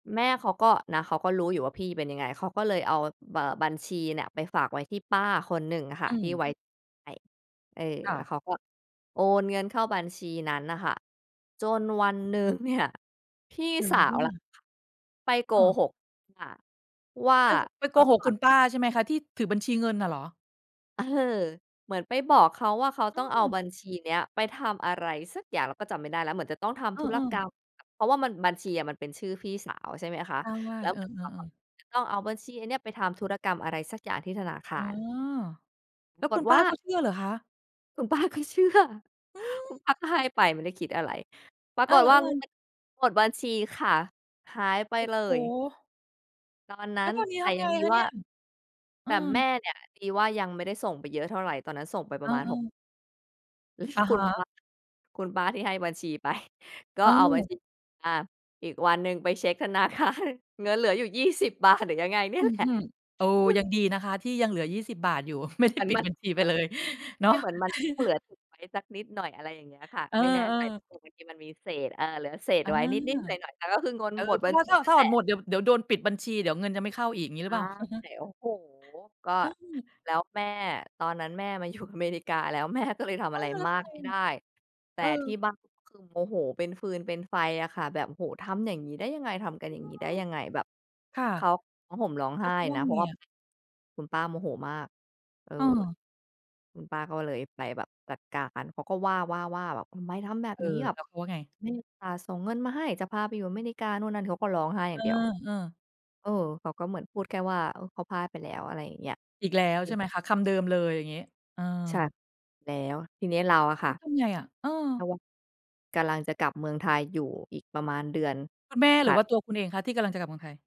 แม่เขาก็นะ เขาก็รู้อยู่ว่าพี่เป็นยังไง เขาก็เลยเอา เอ่อ บัญชีเนี่ยไปฝากไว้ที่ป้าคนหนึ่งอะค่อืะที่ ม ไว้ใจ เออ ค่และ ้วเขาก็โอนเงินเข้าบัญชีนั้นน่ะค่ะ จนวันหนึ่งเนี่ย พี่เกิดอะสไราขึว้นแหลนะ ่ะ? ไปโกเออ หกป้าว่า ไป ห ไป"พโกอหกก่อคุน" ณป้าใช่ไหมคะ? ที่ถือบัญชีเงินน่ะเหรอ? เออ เหมือนไปบอกเขาว่าเขาอต้ืองเอาม บัญชีเนี้ยไปทำอะไรสักอย่าง เราก็จำไม่ได้แล้ว เหมือนจะต้องทเอำธุรอ กรๆ รม เพราะว่ามัน บัญชีอะมันเป็นชื่อพี่สาว ใช่ไหมคะ ใช่ แล้วเอเหมือนเอ ขาแบบๆ ๆ จะต้องเอาบัญชีอันเนี้ยไปทำธุรกรรมอะไรสักอย่างที่ธนาคอ๋าอ ร ปแลร้าวกคุฎณวป้่าา ก็เชื่อเหรอคะ? คุณป้าก็เชื่อ อืคุณป้าม ก็ให้ไป ไม่ได้คิดอะไร ปราเออ กฏว่าเงินๆ มันหมดบัญชีค่ะ หายไปโอ้เลโย ฮ! ตอนนัแล้้ว น ตอนเนี้ยแตท่ำไยงังดีคะเวน่ีา ่ย? เอแตอ ่แม่เนี่ยดีว่ายังไม่ได้ส่งไปเยอะเท่าไร ตอนนั้นส่งไปปอระมาณ า 6 ๆ อะคฮุณปะ ้า คุณป้าที่ให้บัญชีไป ก็อ้าเอาบัว ญชีมา อีกวันหนึ่งไปเช็ค ธนาคาร เงินเหลืออยู่ 20 บาทหรือยังไงเนี่อืยแหอลฮะ ึ โอ้ คุณ ยังดีนะคะที่ยังเหลือ 20 บาทอยู่ ไม่ ไดเ้ หมือนปิมดัน บัญชีไปเลยเนไาม่ ะ เหมือนมันจะต้องเหลือทิ้งไว้สักนิดหน่อย อะไรอย่างเงี้ยค่ะ เออ ไม่แน่ใจ ๆ เผื่อบางทีมันมีเศษ เออ เหลือเศษอา ไว้นิด ๆ หน่อย ๆ แต่ก็คือเงินเออ หมดเพรบาัะญว่ชาีถ้า นัถ่้านแถหอลนหมะ ด เดี๋ยว เดี๋ยวโดนปิดบัญชี เดี๋ยวเงินจะไม่เข้าอีก อย่างงี้หใรชือ่ เปล่า? อะฮะ โอ้โฮ! ก็ อา แล้วแม่ ตอนนั้นแม่มาอยู่อเมริกาแล้ว แม่ก็เลยทเอำออ ะไรแล้วมทาำไกมไม่ไอดะ? ้ แตเ่ออ ที่บ้านก็คือโมโหเป็นฟืนเป็นไฟอะค่ะ แบบ "โอ้โฮ ทำอย่างงี้ได้ยังไง? ทำกัอนือย่างงี้ได้ม ยังไง?" แบบค่ะ เขาร้องห่มร้องแลไห้ว้เขาว่นาะ เพรไงาะว่า อะ? คุณป้าโมโหมาก เออ เออ คุณป้าก็เลยไปแบบจัดการ เขาก็ว่า ๆ ว่าแบบ "ทำไมทำแบบเอนี้?" อ แบแลบ ้วเขาว่าไง? "แม่อุตส่าห์ส่งเงินมาให้ จะพาไปอยู่อเมริกา" นู่นนั่น เขาก็ร้องไห้อยเ่าองเดียว อ ๆ เออ เขาก็เหมือนพูดแค่ว่า เออ เขาพลาดไปแล้ว อะไรอย่างเงี้ย อีกแล้วอืใชม ่ไหม คะ? คำเดิมเลยอย่างงี้ เอใช่ อ แล้วทีนี้เราอะคแล่้ะ วทำไง อะ? เออ กำลัง กำลังจะกลับเมืองไทยอยู่ อีกประมาณเดือนคุณแม่ถหรืัอวด ่าตัวคุณเองคะที่กำลังจะกลับเมืองไทย?